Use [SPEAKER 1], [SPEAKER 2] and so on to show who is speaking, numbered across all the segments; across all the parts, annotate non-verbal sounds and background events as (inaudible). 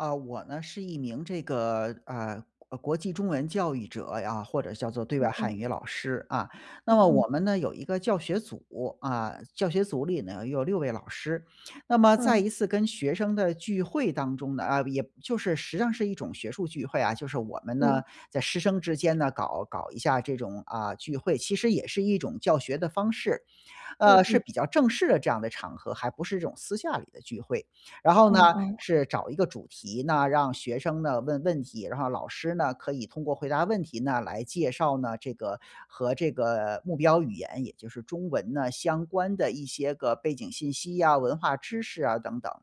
[SPEAKER 1] 啊，我呢是一名这个，呃，国国际中文教育者啊，或者叫做对外
[SPEAKER 2] 嗯
[SPEAKER 1] 汉
[SPEAKER 2] 嗯。
[SPEAKER 1] 语老师，啊。那
[SPEAKER 2] 嗯
[SPEAKER 1] 么
[SPEAKER 2] 嗯。
[SPEAKER 1] 我们呢有一个教学组，啊，教学组里呢有6位老师。那么
[SPEAKER 2] 嗯。
[SPEAKER 1] 在一次跟学生的聚会当中呢，呃，也就是实际上是一种学术聚会啊，就是我们
[SPEAKER 2] 嗯。
[SPEAKER 1] 呢在师生之间呢搞搞一下这种，啊，聚会，其实也是一种教学的方式。
[SPEAKER 2] 嗯
[SPEAKER 1] 呃，是
[SPEAKER 2] 嗯。
[SPEAKER 1] 比较正式的这样的场合，还不是这种私下里的聚会，然后呢，
[SPEAKER 2] 哦哦。
[SPEAKER 1] 是找一个主题呢，让学生呢问问题，然后老师呢，可以通过回答问题呢来介绍呢，这个和这个目标语言，也就是中文呢相关的一些个背景信息啊，文化知识啊等等。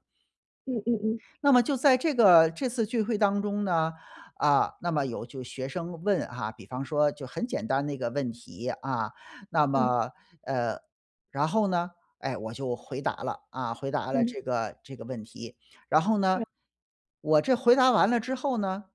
[SPEAKER 2] 嗯嗯嗯。
[SPEAKER 1] 那么就在这个这次聚会当中呢，啊，那么有就学生问啊，比方说就很简单的一个问题，啊，那
[SPEAKER 2] 嗯。
[SPEAKER 1] 么呃，然后呢，哎，我就回答了，啊，回答了
[SPEAKER 2] 嗯。
[SPEAKER 1] 这个这个问题。然后呢，
[SPEAKER 2] 对。
[SPEAKER 1] 我这回答完了之后呢，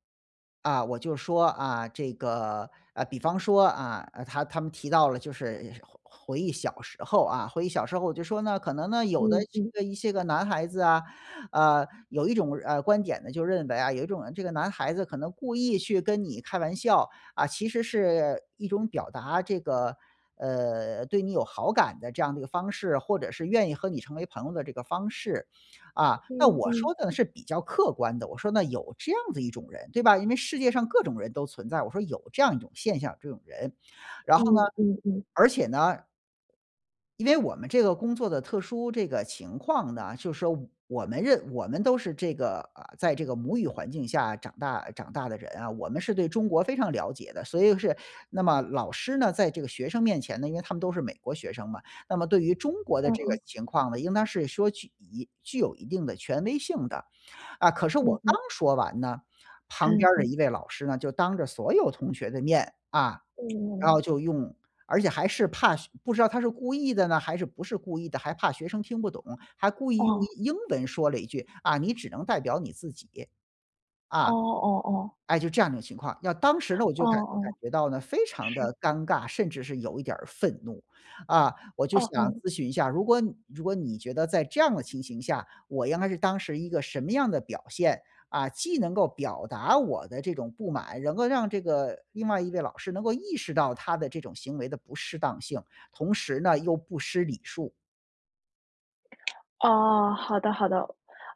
[SPEAKER 1] 啊，我就说，啊，这个，呃，比方说，啊，他他们提到了就是回回忆小时候啊，回忆小时候我就说呢，可能呢，有的
[SPEAKER 2] 嗯
[SPEAKER 1] 这
[SPEAKER 2] 嗯。
[SPEAKER 1] 个一些个男孩子啊，呃，有一种，呃，观点呢，就认为啊，有一种，呃，这个男孩子可能故意去跟你开玩笑，啊，其实是一种表达这个，呃，对你有好感的这样的一个方式，或者是愿意和你成为朋友的这个方式。啊，那
[SPEAKER 2] 嗯
[SPEAKER 1] 我说
[SPEAKER 2] 嗯。
[SPEAKER 1] 的呢是比较客观的，我说那有这样的一种人，对吧？因为世界上各种人都存在，我说有这样一种现象，这种人。然后呢，
[SPEAKER 2] 嗯嗯嗯。
[SPEAKER 1] 而且呢因为我们这个工作的特殊这个情况呢，就说我们认我们都是这个，呃，在这个母语环境下长大长大的人啊，我们是对中国非常了解的，所以是那么老师呢，在这个学生面前呢，因为他们都是美国学生嘛，那么对于中国的
[SPEAKER 2] 嗯
[SPEAKER 1] 这个
[SPEAKER 2] 嗯。
[SPEAKER 1] 情况呢，应当是说具以具有一定的权威性的。啊，可是
[SPEAKER 2] 嗯
[SPEAKER 1] 我
[SPEAKER 2] 嗯。
[SPEAKER 1] 刚说完呢，
[SPEAKER 2] 哎，
[SPEAKER 1] 旁边儿的
[SPEAKER 2] 嗯。
[SPEAKER 1] 一位老师呢，就当着所有同学的面，啊，然
[SPEAKER 2] 嗯。
[SPEAKER 1] 后就用而且还是怕不知道他是故意的呢，还是不是故意的，还怕学生听不懂，还故意用
[SPEAKER 2] 哦。
[SPEAKER 1] 英文说了一句，啊，你只能代表你自己，
[SPEAKER 2] 哦
[SPEAKER 1] 啊。
[SPEAKER 2] 哦哦哦。
[SPEAKER 1] 哎，就这样一种情况。要当时呢，我
[SPEAKER 2] 哦
[SPEAKER 1] 就感感
[SPEAKER 2] 哦，
[SPEAKER 1] 觉到呢，非常
[SPEAKER 2] 是。
[SPEAKER 1] 地尴尬，甚至是有一点儿愤怒。啊，我就
[SPEAKER 2] 哦
[SPEAKER 1] 想
[SPEAKER 2] 嗯。
[SPEAKER 1] 咨询一下，如果如果你觉得在这样的情形下，我应该是当时一个什么样的表现？啊，既能够表达我的这种不满，能够让这个另外一位老师能够意识到他的这种行为的不适当性，同时呢，又不失礼数？
[SPEAKER 2] 哦，好的好的。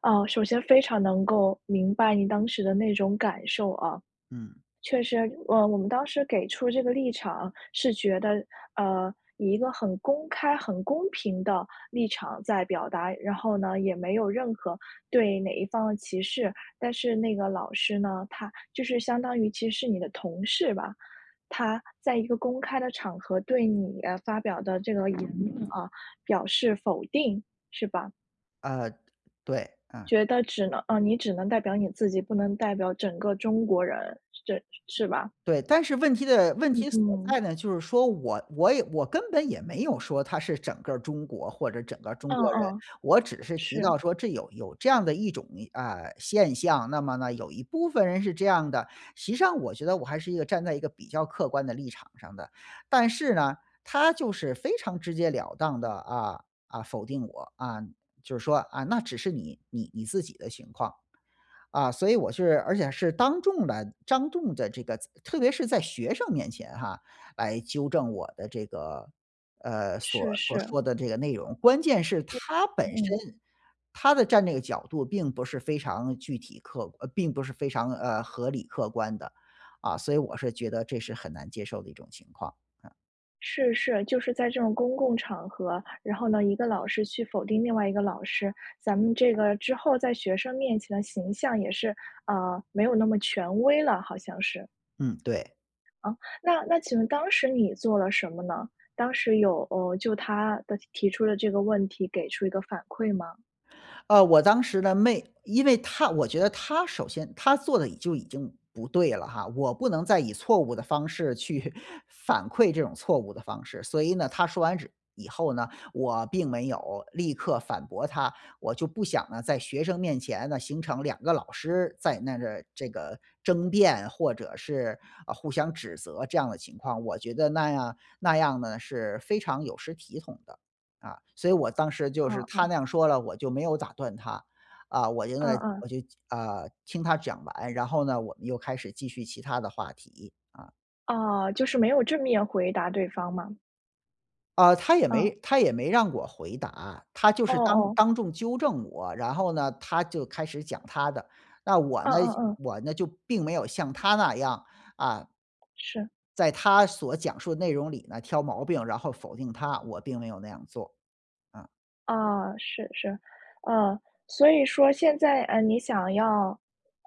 [SPEAKER 2] 啊，首先非常能够明白你当时的那种感受啊。
[SPEAKER 1] 嗯。
[SPEAKER 2] 确实，呃，我们当时给出这个立场是觉得，呃，以一个很公开、很公平的立场在表达，然后呢，也没有任何对哪一方的歧视。但是那个老师呢，他就是相当于其实是你的同事吧，他在一个公开的场合对你发表的这个言论啊，表示否定，是吧？
[SPEAKER 1] 呃，对，嗯。
[SPEAKER 2] 觉得只能啊，你只能代表你自己，不能代表整个中国人。是着是吧？
[SPEAKER 1] 对，但是问题的问
[SPEAKER 2] 嗯
[SPEAKER 1] 题所
[SPEAKER 2] 嗯。
[SPEAKER 1] 在呢，就是说我我也我根本也没有说他是整个中国或者整个中
[SPEAKER 2] 嗯
[SPEAKER 1] 国人。
[SPEAKER 2] 嗯，
[SPEAKER 1] 我只是提
[SPEAKER 2] 是。
[SPEAKER 1] 到说这有有这样的一种，呃，现象，那么呢，有一部分人是这样的，实际上我觉得我还是一个站在一个比较客观的立场上的。但是呢，他就是非常直截了当地，啊，啊，否定我啊，就是说啊，那只是你你你自己的情况。啊，所以我是而且是当众的当众的这个特别是在学生面前哈，来纠正我的这个，呃，所
[SPEAKER 2] 是
[SPEAKER 1] 所
[SPEAKER 2] 是。
[SPEAKER 1] 说的这个内容。关键是
[SPEAKER 2] 对。
[SPEAKER 1] 他本
[SPEAKER 2] 嗯。
[SPEAKER 1] 身，他的战略角度并不是非常具体客观并不是非常，呃，合理、客观的，啊，所以我是觉得这是很难接受的一种情况。嗯。
[SPEAKER 2] 是是，就是在这种公共场合，然后呢，一个老师去否定另外一个老师，咱们这个之后在学生面前的形象也是，呃，没有那么权威了，好像是。
[SPEAKER 1] 嗯，对。
[SPEAKER 2] 啊，那那请问当时你做了什么呢？当时有，呃，就他的提出的这个问题给出一个反馈吗？
[SPEAKER 1] 呃，我当时呢，没因为他我觉得他首先他做的已就已经不对了哈，我不能再以错误的方式去 (chuckles) 反馈这种错误的方式。所以呢，他说完之以后呢，我并没有立刻反驳他。我就不想呢，在学生面前呢，形成两个老师在那个这个争辩，或者是，呃，互相指责这样的情况。我觉得那样那样呢是非常有失体统的，啊，所以我当时就是
[SPEAKER 2] 哦
[SPEAKER 1] 他
[SPEAKER 2] 哦。
[SPEAKER 1] 那样说了，我就没有打断他，啊，我因
[SPEAKER 2] 嗯
[SPEAKER 1] 为
[SPEAKER 2] 嗯。
[SPEAKER 1] 我就，啊，听他讲完，然后呢，我们又开始继续其它的话题，啊。
[SPEAKER 2] 哦，就是没有正面回答对方吗？
[SPEAKER 1] 呃，他也没
[SPEAKER 2] 嗯。
[SPEAKER 1] 他也没让我回答，他就
[SPEAKER 2] 哦
[SPEAKER 1] 是当
[SPEAKER 2] 哦。
[SPEAKER 1] 当众纠正我。然后呢，他就开始讲他的，那我
[SPEAKER 2] 嗯
[SPEAKER 1] 呢
[SPEAKER 2] 嗯嗯。
[SPEAKER 1] 我呢就并没有像他那样，啊
[SPEAKER 2] 是。
[SPEAKER 1] 在他所讲述的内容里呢挑毛病，然后否定他，我并没有那样做。啊。
[SPEAKER 2] 啊。是是。呃，所以说现在，呃，你想要，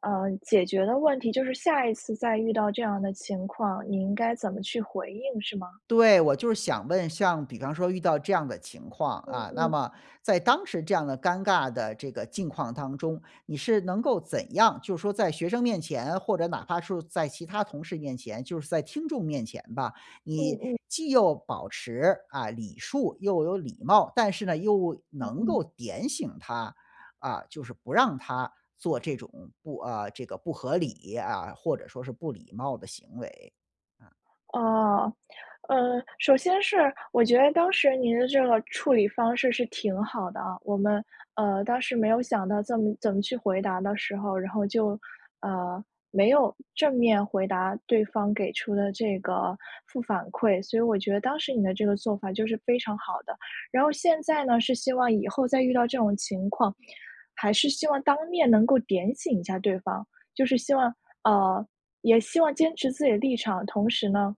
[SPEAKER 2] 呃，解决的问题就是下一次再遇到这样的情况，你应该怎么去回应是吗？
[SPEAKER 1] 对，我就是想问，像比方说遇到这样的情况，
[SPEAKER 2] 嗯
[SPEAKER 1] 啊，那
[SPEAKER 2] 嗯。
[SPEAKER 1] 么在当时这样的尴尬的这个境况当中。你是能够怎样，就是说在学生面前，或者哪怕是在其他同事面前，就是在听众面前吧，你
[SPEAKER 2] 嗯嗯。
[SPEAKER 1] 既又保持，啊，礼数又有礼貌，但是呢又
[SPEAKER 2] 嗯
[SPEAKER 1] 能
[SPEAKER 2] 嗯。
[SPEAKER 1] 够点醒他，啊，就是不让他做这种不呃，这个不合理啊，或者说是不礼貌的行为。嗯。
[SPEAKER 2] 哦。呃，首先是我觉得当时您的这个处理方式是挺好的啊，我们，呃，当时没有想到怎么怎么去回答的时候，然后就，呃，没有正面回答对方给出的这个负反馈。所以我觉得当时你的这个做法就是非常好的。然后现在呢，是希望以后再遇到这种情况，还是希望当面能够点醒一下对方，就是希望呃，也希望坚持自己的立场，同时呢，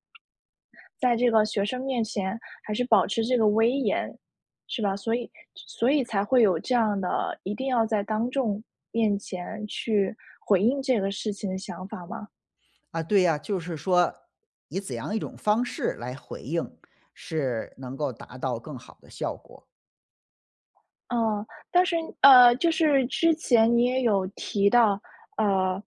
[SPEAKER 2] 在这个学生面前还是保持这个威严，是吧？所以所以才会有这样的，一定要在当众面前去回应这个事情的想法吗？
[SPEAKER 1] 啊，对呀，就是说，以怎样一种方式来回应，是能够达到更好的效果？
[SPEAKER 2] 哦，但是，呃，就是之前你也有提到，呃，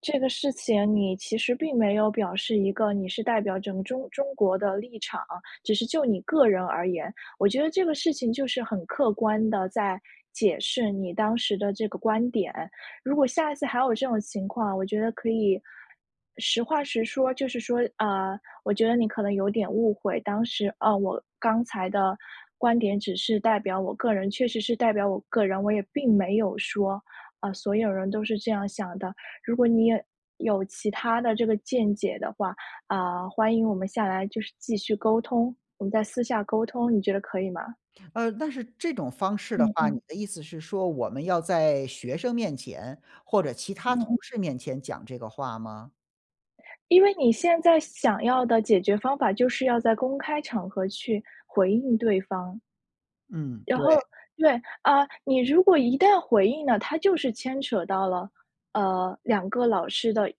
[SPEAKER 2] 这个事情你其实并没有表示一个你是代表整中中国的立场，只是就你个人而言。我觉得这个事情就是很客观地在解释你当时的这个观点。如果下一次还有这种情况，我觉得可以，实话实说。就是说：“呃，我觉得你可能有点误会，当时，啊，我刚才的观点只是代表我个人，确实是代表我个人，我也并没有说，‘啊，所有人都是这样想的’，如果你也，有其它的这个见解的话，啊，欢迎我们下来就是继续沟通，我们再私下沟通。“你觉得可以吗？
[SPEAKER 1] 呃但是这种方式的
[SPEAKER 2] 嗯
[SPEAKER 1] 话，你
[SPEAKER 2] 嗯。
[SPEAKER 1] 的意思是说我们要在学生面前或者其
[SPEAKER 2] 嗯
[SPEAKER 1] 他
[SPEAKER 2] 嗯。
[SPEAKER 1] 同事面前讲这个话吗？
[SPEAKER 2] 因为你现在想要的解决方法就是要在公开场合去回应对方。
[SPEAKER 1] 嗯，
[SPEAKER 2] 然后
[SPEAKER 1] 对。
[SPEAKER 2] 对，啊，你如果一旦回应呢，它就是牵扯到了，呃，2个老师的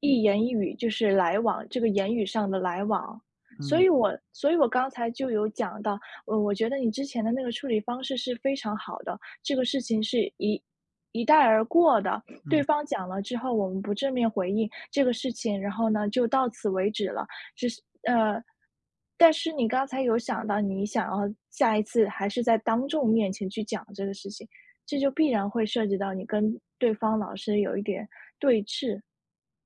[SPEAKER 2] 一言一语，就是来往这个言语上的来往。所
[SPEAKER 1] 嗯。
[SPEAKER 2] 以我所以我刚才就有讲到，呃，我觉得你之前的那个处理方式是非常好的，这个事情是一一带而过的，对
[SPEAKER 1] 嗯。
[SPEAKER 2] 方讲了之后，我们不正面回应这个事情，然后呢，就到此为止了，只是，呃但是你刚才有想到你想要下一次还是在当众面前去讲这个事情，这就必然会涉及到你跟对方老师有一点对峙。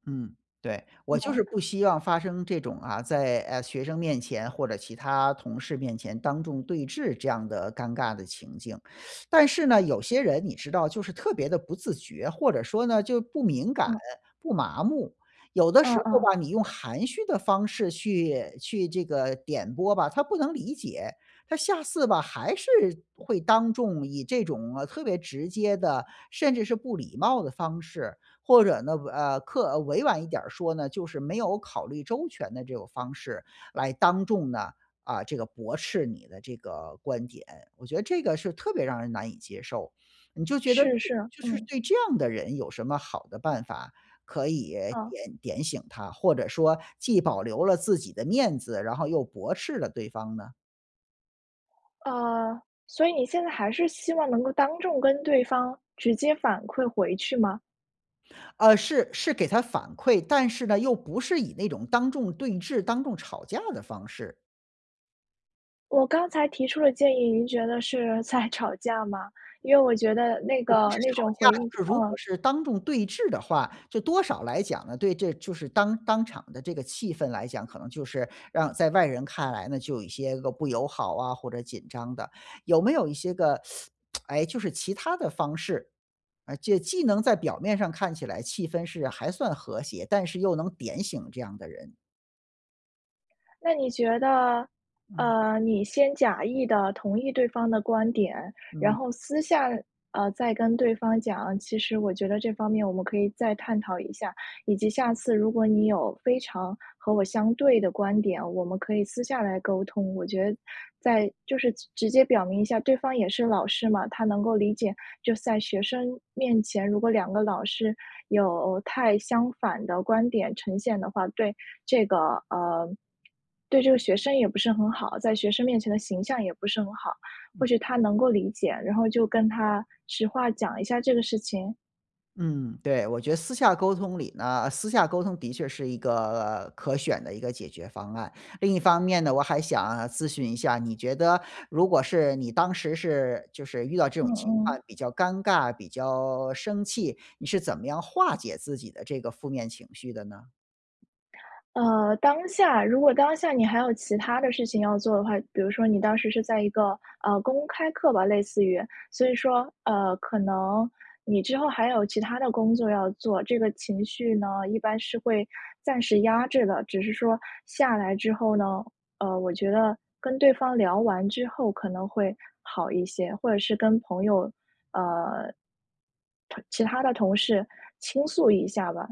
[SPEAKER 1] 嗯，对，我就
[SPEAKER 2] 哦。
[SPEAKER 1] 是不希望发生这种啊，在，呃，学生面前或者其他同事面前当众对质这样的尴尬的情境。(sucks teeth) 但是呢，有些人你知道就是特别的不自觉，或者说呢，就不敏感，
[SPEAKER 2] 嗯。
[SPEAKER 1] 不麻木，有的
[SPEAKER 2] 嗯
[SPEAKER 1] 时候
[SPEAKER 2] 嗯。
[SPEAKER 1] 吧，你用含蓄的方式去去这个点拨吧，他不能理解。他下次吧，还是会当众以这种特别直接的，甚至是不礼貌的方式，或者呢，呃，客呃，委婉一点儿说呢，就是没有考虑周全的这种方式来当众呢，啊，这个驳斥你的这个观点。我觉得这个是特别让人难以接受，你就觉得
[SPEAKER 2] 是是，
[SPEAKER 1] 就是
[SPEAKER 2] 嗯。
[SPEAKER 1] 对这样的人有什么好的办法可以
[SPEAKER 2] 嗯。
[SPEAKER 1] 点点醒他？或者说既保留了自己的面子，然后又驳斥了对方呢？
[SPEAKER 2] 呃，所以你现在还是希望能够当众跟对方直接反馈回去吗？
[SPEAKER 1] 呃，是是给他反馈。但是呢，又不是以那种当众对峙、当众吵架的方式。
[SPEAKER 2] 我刚才提出的建议，您觉得是在吵架吗？因为我觉得那
[SPEAKER 1] 我不
[SPEAKER 2] 个
[SPEAKER 1] 是
[SPEAKER 2] 那
[SPEAKER 1] 吵
[SPEAKER 2] 种
[SPEAKER 1] 架，
[SPEAKER 2] 回应就
[SPEAKER 1] 就是如果
[SPEAKER 2] 嗯。
[SPEAKER 1] 是当众对峙的话，这多少来讲呢，对这就是当当场的这个气氛来讲，可能就是让在外人看来呢，就有一些个不友好啊，或者紧张的。有没有一些个，(sucks teeth) (smacks lips) 诶，就是其它的方式，呃，就既能在表面上看起来气氛是还算和谐，但是又能点醒这样的人？
[SPEAKER 2] 那你觉得，
[SPEAKER 1] 嗯。
[SPEAKER 2] 呃，你先假意地同意对方的观点，然
[SPEAKER 1] 嗯。
[SPEAKER 2] 后私下，呃，再跟对方讲：“其实我觉得这方面我们可以再探讨一下，以及下次如果你有非常和我相对的观点，我们可以私下来沟通。”我觉得再就是直接表明一下，对方也是老师嘛，他能够理解。就是在学生面前，如果两个老师有太相反的观点呈现的话，对这个呃，对这个学生也不是很好，在学生面前的形象也不是很好。
[SPEAKER 1] 嗯。
[SPEAKER 2] 或许他能够理解，然后就跟他实话讲一下这个事情？
[SPEAKER 1] 嗯，对，我觉得私下沟通里呢私下沟通的确是一个可选的一个解决方案。另一方面呢，我还想咨询一下，你觉得如果是你当时是就是遇到这
[SPEAKER 2] 嗯
[SPEAKER 1] 种情况
[SPEAKER 2] 嗯。
[SPEAKER 1] 比较尴尬，比较生气，你是怎么样化解自己的这个负面情绪的呢？
[SPEAKER 2] 呃，当下，如果当下你还有其它的事情要做的话，比如说你当时是在一个，呃，公开课吧，类似于。所以说，呃，可能你之后还有其它的工作要做，这个情绪呢，一般是会暂时压制的。只是说下来之后呢，呃，我觉得跟对方聊完之后可能会好一些，或者是跟朋友呃，同其他的同事倾诉一下吧。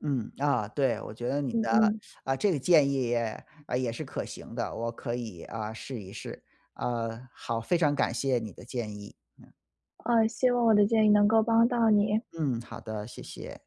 [SPEAKER 1] 嗯，啊，对，我觉得你
[SPEAKER 2] 嗯
[SPEAKER 1] 的
[SPEAKER 2] 嗯。
[SPEAKER 1] 啊，这个建议也也是可行的，我可以啊，试一试。啊，好，非常感谢你的建议。嗯。
[SPEAKER 2] 啊，希望我的建议能够帮到你。
[SPEAKER 1] 嗯，好的，谢谢。